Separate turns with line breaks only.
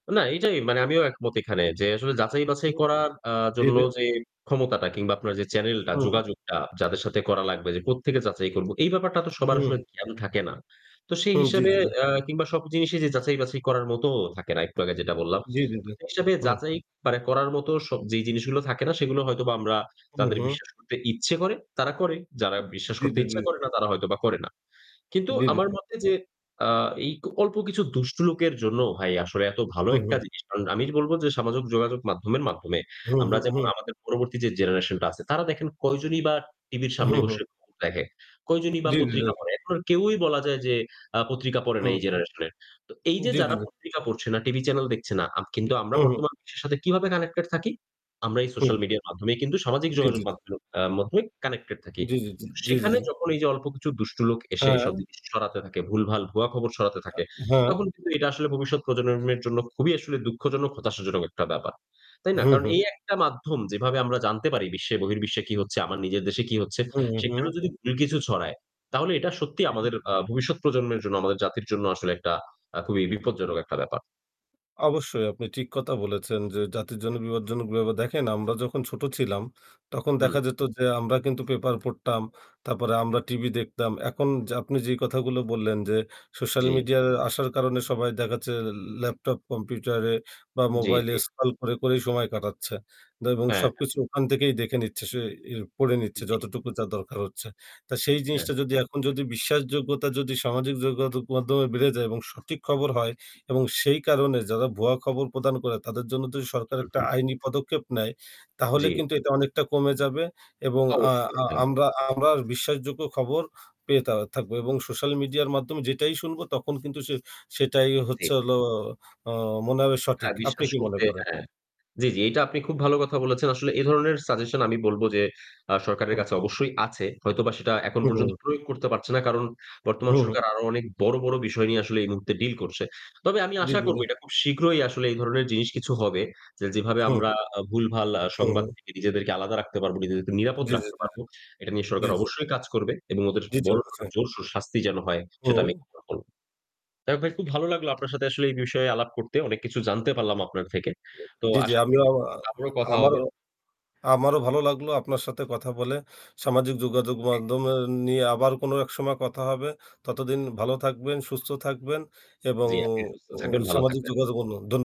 না, এইটাই মানে আমিও একমত এখানে যে আসলে যাচাই
উম
বাছাই
হুম।
করার আ
জী,
জন্য
জী।
যে ক্ষমতাটা কিংবা আপনার যে চ্যানেলটা
হু, হু।
যোগাযোগটা যাদের সাথে করা লাগবে। যে কোত্থেকে যাচাই করব এই ব্যাপারটা তো সবার
হুম।
আসলে জ্ঞান থাকে না। তো সেই
হু, জ্বি,
হিসেবে
জি, জি।
আ কিংবা সব জিনিসই যে যাচাই বাছাই করার মতোও থাকে না একটু আগে যেটা বললাম।
জ্বী, জ্বী,
তো
জ্বী।
সেই
হুম।
যাচাই মানে করার মতো স যেই জিনিসগুলো থাকে না সেগুলো হয়তোবা আমরা
হু,
যাদের
হু।
বিশ্বাস করতে ইচ্ছে করে তারা করে। যারা
উ
বিশ্বাস
জ্বী,
করতে
জ্বী,
ইচ্ছে
জ্বী।
করে না তারা হয়তোবা করে না। কিন্তু
জি, জি,
আমার
জি।
মতে যে আ এই অল্প কিছু দুষ্ট লোকের জন্য ভাই আসলে এত ভালো
হু,
একটা
হু।
জিনিস। কারণ আমি বলব যে সামাজিক যোগাযোগ মাধ্যমের মাধ্যমে
হুম,
আমরা
হুম,
যেমন
হুম।
আমাদের পরবর্তী যে জেনারেশন টা আছে, তারা দেখেন কয়জনই বা টিভির
হু,
সামনে
হু।
বসে [unintelligible] দেখে। কয়জনই বা
জ্বী, জ্বী,
পত্রিকা
জ্বী।
পড়ে। এখন আর কেউই বলা যায় যে আ পত্রিকা পড়ে না
হুম।
এই জেনারেশনের। তো এই যে
জী, জী,
যারা
জী।
পত্রিকা পড়ছে না, টিভি চ্যানেল দেখছে না। আ কিন্তু আমরা
হু, হু।
বর্তমান বিশ্বের সাথে কিভাবে কানেক্টেড থাকি? আমরা এই সোশ্যাল
হু।
মিডিয়ার মাধ্যমেই কিন্তু সামাজিক
জ্বী, জ্বী,
যোগাযোগ
জ্বী।
মাধ্যম আ মধ্যে কানেক্টেড
[unintelligible]
থাকি।
জী, জী, জী, জী, জী,
সেখানে
জী।
যখন এই যে অল্প কিছু দুষ্ট লোক এসে এসব
হ্যাঁ।
জিনিস সরাতে থাকে, ভুলভাল ভুয়া খবর সরাতে
আ
থাকে,
হ্যাঁ।
তখন কিন্তু এটা আসলে ভবিষ্যৎ প্রজন্মের মের জন্য খুবই আসলে দুঃখজনক হতাশাজনক একটা ব্যাপার। তাই না?
হু,
কারণ
হু।
এই একটা মাধ্যম যেভাবে আমরা জানতে পারি বিশ্বে বহির্বিশ্বে কি হচ্ছে, আমার নিজের দেশে কি হচ্ছে,
হু,
সেখানেও
হু।
যদি ভুল কিছু ছড়ায়, তাহলে এটা সত্যিই
জি, জি।
আমাদের আ ভবিষ্যৎ প্রজন্মের জন্য আমাদের জাতির জন্য আসলে একটা আ খুবই বিপজ্জনক একটা ব্যাপার।
অবশ্যই আপনি ঠিক কথা বলেছেন যে জাতির জন্য বিপদজনক [unintelligible] দেখেন। আমরা যখন ছোট ছিলাম তখন
হুম।
দেখা যেত যে আমরা কিন্তু পেপার পড়তাম। তারপরে আমরা টিভি দেখতাম। এখন যে আপনি যেই কথাগুলো বললেন যে সোশ্যাল
জি।
মিডিয়ার আসার কারণে সবাই দেখাচ্ছে ল ল্যাপটপ কম্পিউটারে বা
জ্বী,
মোবাইলে
জ্বী।
স্ক্রল করে, করেই সময় কাটাচ্ছে। এবং
হ্যাঁ, হ্যাঁ।
সবকিছু ওখান থেকেই দেখে নিচ্ছে। সে এ পড়ে নিচ্ছে
জ্বী।
যতটুকু তার দরকার হচ্ছে। তা সেই
হ্যাঁ।
জিনিসটা যদি এখন যদি বিশ্বাসযোগ্যতা যদি সামাজিক যোগাযোগ মাধ্যমে বেড়ে যায় এবং সঠিক খবর হয় এবং সেই কারণে যারা ভুয়া খবর প্রদান করে তাদের জন্য যদি সরকার
হু,
একটা
হু।
আইনি পদক্ষেপ নেয়। তাহলে
জ্বি।
কিন্তু এটা অনেকটা কমে যাবে এবং আ
অবশ্যই
আ
হ্যাঁ।
আমরা আবার বিশ্বাসযোগ্য খবর পেয়ে থা থাকবো এবং সোশ্যাল মিডিয়ার মাধ্যমে যেটাই শুনবো তখন কিন্তু সে সেটাই
জি।
হচ্ছে হলো অ মনে হবে
হ্যাঁ,
সঠিক আপনি
বিশ্বাস
কি মনে
করতে
করেন?
হ্যাঁ। জ্বি, জি, এটা আপনি খুব ভালো কথা বলেছেন। আসলে এ ধরনের সাজেশন আমি বলব যে আ সরকারের
হু।
কাছে অবশ্যই আছে। হয়তোবা সেটা এখন
হু,
পর্যন্ত
হু।
প্রয়োগ করতে পারছে না। কারণ বর্তমান
হু, হু।
সরকার আরো অনেক বড়, বড় বিষয় নিয়ে আসলে এই মুহূর্তে ডিল করছে। তবে আমি
দিয়ে
আশা
দিল।
করব এটা খুব শীঘ্রই আসলে এই ধরনের জিনিস কিছু হবে। যে যেভাবে
হু।
আমরা আ ভুলভাল আ
হু,
সংবাদ
হু।
থেকে নিজেদেরকে আলাদা রাখতে পারবো, নিজেদেরকে নিরাপদ
জ্বী, জ্বী,
রাখতে
জ্বী,
পারব।
জ্বী।
এটা নিয়ে
জ্বি,
সরকার
জ্বি।
অবশ্যই কাজ করবে। এবং ওদের
২য়
বড়সড়
অবস্থায়।
জোরসোর শাস্তি যেন হয়। সেটা আমি
হুম।
[unintelligible] করব। যাই হোক ভাই খুব ভালো লাগলো আপনার সাথে আসলে এই বিষয়ে আলাপ করতে। অনেক কিছু জানতে পারলাম আপনার থেকে। তো
জ্বি, জ্বি,
আশা করি
আমিও
আপনার
আমা
সাথে আবারও কথা
আমারও
হবে।
আমারও ভালো লাগলো আপনার সাথে কথা বলে সামাজিক যোগাযোগ
জি।
মাধ্যমের নিয়ে আবার কোনো এক সময় কথা হবে। ততদিন ভালো থাকবেন, সুস্থ থাকবেন এবং
জ্বী, আপনি সুস্থ
ও
থাকবেন, ভালো
সামাজিক
থাকবেন।
যোগাযোগ অন্য ধন্য